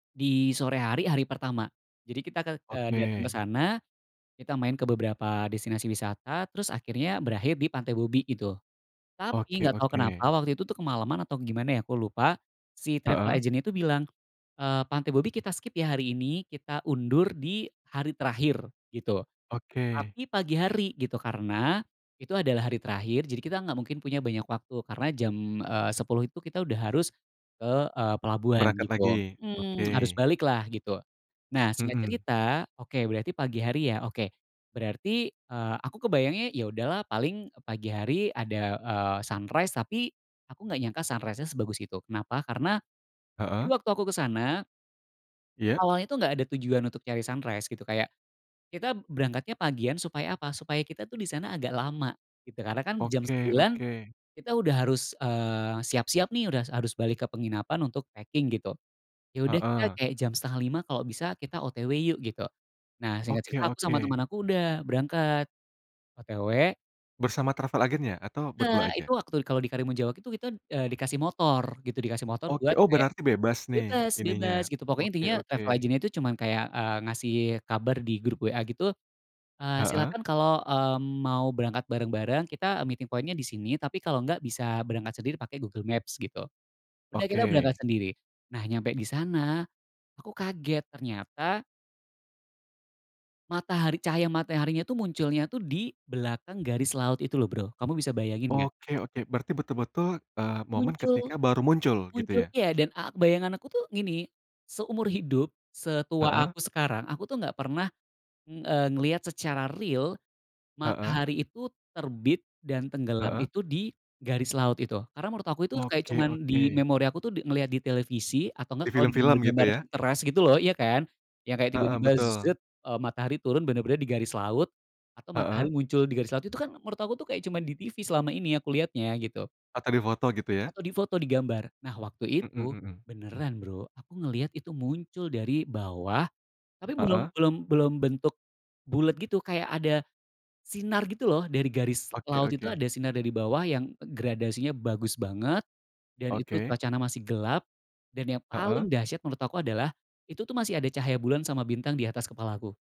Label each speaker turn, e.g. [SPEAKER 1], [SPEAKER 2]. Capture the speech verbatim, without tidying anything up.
[SPEAKER 1] Di sore hari, hari pertama. Jadi kita ke eee, datang ke
[SPEAKER 2] Oke.
[SPEAKER 1] sana, kita main ke beberapa destinasi wisata terus akhirnya berakhir di Pantai Bobby itu. Tapi
[SPEAKER 2] Oke
[SPEAKER 1] enggak tau
[SPEAKER 2] oke.
[SPEAKER 1] kenapa waktu itu tuh kemalaman atau gimana ya aku lupa si travel
[SPEAKER 2] Heeh.
[SPEAKER 1] agent itu bilang, eee, "Pantai Bobby kita skip ya hari ini, kita undur di hari terakhir," gitu.
[SPEAKER 2] Oke.
[SPEAKER 1] Tapi pagi hari gitu karena itu adalah hari terakhir, jadi kita enggak mungkin punya banyak waktu karena jam, eee, sepuluh itu kita udah harus ke, eee, pelabuhan
[SPEAKER 2] Berangkat lagi,
[SPEAKER 1] gitu. Mmm harus
[SPEAKER 2] oke.
[SPEAKER 1] balik lah gitu. Nah, singkat
[SPEAKER 2] Mhm.
[SPEAKER 1] cerita oke berarti pagi hari ya. Oke berarti, eee, aku kebayangnya ya udah lah paling pagi hari ada, eee, sunrise tapi aku enggak nyangka sunrise-nya sebagus itu. Kenapa? Karena. Jadi
[SPEAKER 2] Heeh.
[SPEAKER 1] waktu aku ke sana
[SPEAKER 2] Iya.
[SPEAKER 1] awalnya tuh enggak ada tujuan untuk cari sunrise gitu kayak kita berangkatnya pagian supaya apa? Supaya kita tuh di sana agak lama gitu karena kan jam
[SPEAKER 2] Oke
[SPEAKER 1] sembilan
[SPEAKER 2] oke.
[SPEAKER 1] kita udah harus, eee, siap-siap nih, udah harus harus balik ke penginapan untuk packing gitu. Ya udah kita
[SPEAKER 2] Heeh.
[SPEAKER 1] kayak jam setengah lima kalau bisa kita OTW yuk gitu. Nah singkat
[SPEAKER 2] Oke
[SPEAKER 1] cerita aku sama
[SPEAKER 2] oke.
[SPEAKER 1] temen aku udah berangkat. OTW.
[SPEAKER 2] Bersama travel agent ya atau berdua
[SPEAKER 1] Enggak, itu
[SPEAKER 2] aja?
[SPEAKER 1] waktu kalau di Karimunjawa itu kita, eee, dikasih motor gitu, dikasih motor
[SPEAKER 2] Oke,
[SPEAKER 1] buat
[SPEAKER 2] oh
[SPEAKER 1] kayak
[SPEAKER 2] berarti bebas nih
[SPEAKER 1] bebas, bebas
[SPEAKER 2] ininya.
[SPEAKER 1] gitu pokoknya.
[SPEAKER 2] Oke
[SPEAKER 1] Intinya
[SPEAKER 2] oke.
[SPEAKER 1] travel agent itu cuman kayak, eee, kasih kabar di grup WA gitu, eee,
[SPEAKER 2] Heeh.
[SPEAKER 1] silakan kalau, eee, mau berangkat bareng-bareng kita meeting point-nya disini tapi kalau enggak bisa berangkat sendiri pakai Google Maps gitu. Udah kita berangkat
[SPEAKER 2] Oke.
[SPEAKER 1] sendiri. Nah, nyampe di sana aku kaget ternyata matahari, cahaya mataharinya itu munculnya tuh di belakang garis laut itu loh Bro, kamu bisa bayangin enggak?
[SPEAKER 2] Oke oke. Berarti betul-betul, eee, momen
[SPEAKER 1] Muncul.
[SPEAKER 2] ketika baru muncul gitu ya?
[SPEAKER 1] Munculnya dan a bayangan aku tuh gini, seumur hidup setua
[SPEAKER 2] Heeh.
[SPEAKER 1] aku sekarang, aku tuh enggak pernah, eee, ngelihat secara real
[SPEAKER 2] Heeh.
[SPEAKER 1] matahari itu terbit dan tenggelam
[SPEAKER 2] Heeh.
[SPEAKER 1] itu di garis laut itu. Karena menurut aku itu kayak
[SPEAKER 2] Oke
[SPEAKER 1] cuman di
[SPEAKER 2] oke.
[SPEAKER 1] memori aku tuh ngelihat di televisi atau
[SPEAKER 2] Di
[SPEAKER 1] enggak kalau di
[SPEAKER 2] film-film gitu
[SPEAKER 1] gambar-gambar
[SPEAKER 2] ya?
[SPEAKER 1] Pinterest gitu loh, ya kan? Yang kayak
[SPEAKER 2] Heeh,
[SPEAKER 1] tiba-tiba
[SPEAKER 2] betul.
[SPEAKER 1] zet matahari turun bener-bener di garis laut atau matahari
[SPEAKER 2] Heeh.
[SPEAKER 1] muncul di garis laut. Itu kan menurut aku tuh kayak cuman di TV selama ini aku lihatnya gitu.
[SPEAKER 2] Atau di foto gitu ya?
[SPEAKER 1] Atau di foto di gambar. Nah, waktu
[SPEAKER 2] Mhm
[SPEAKER 1] itu
[SPEAKER 2] mhm.
[SPEAKER 1] beneran Bro, aku ngelihat itu muncul dari bawah tapi belum
[SPEAKER 2] Heeh.
[SPEAKER 1] belum belum bentuk bulet gitu, kayak ada sinar gitu loh dari garis
[SPEAKER 2] Oke
[SPEAKER 1] laut itu, ada
[SPEAKER 2] oke.
[SPEAKER 1] sinar dari bawah yang gradasinya bagus banget dan itu
[SPEAKER 2] Oke.
[SPEAKER 1] cuacanya masih gelap dan yang
[SPEAKER 2] Heeh.
[SPEAKER 1] paling dahsyat menurut aku adalah itu tuh masih ada cahaya bulan sama bintang di atas kepalaku.